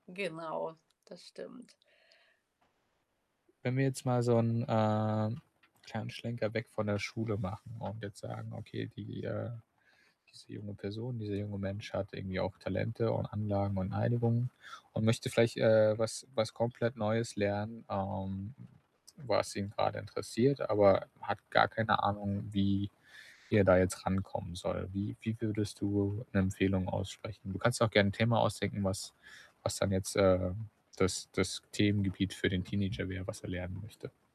Genau, das stimmt. Wenn wir jetzt mal so 'n, ähm, kleinen Schlenker weg von der Schule machen und jetzt sagen: „Okay, die, äh diese junge Person, dieser junge Mensch hat irgendwie auch Talente und Anlagen und Einigung und möchte vielleicht, äh, was was komplett Neues lernen, ähm, was ihn grade interessiert, aber hat gar keine Ahnung, wie wie er da jetzt rankommen soll.” Wie wie würdest du 'ne Empfehlung aussprechen? Du kannst dir auch gern 'n Thema ausdenken, was was dann jetzt, äh, das das Themengebiet für den Teenager wär, was er lernen möchte.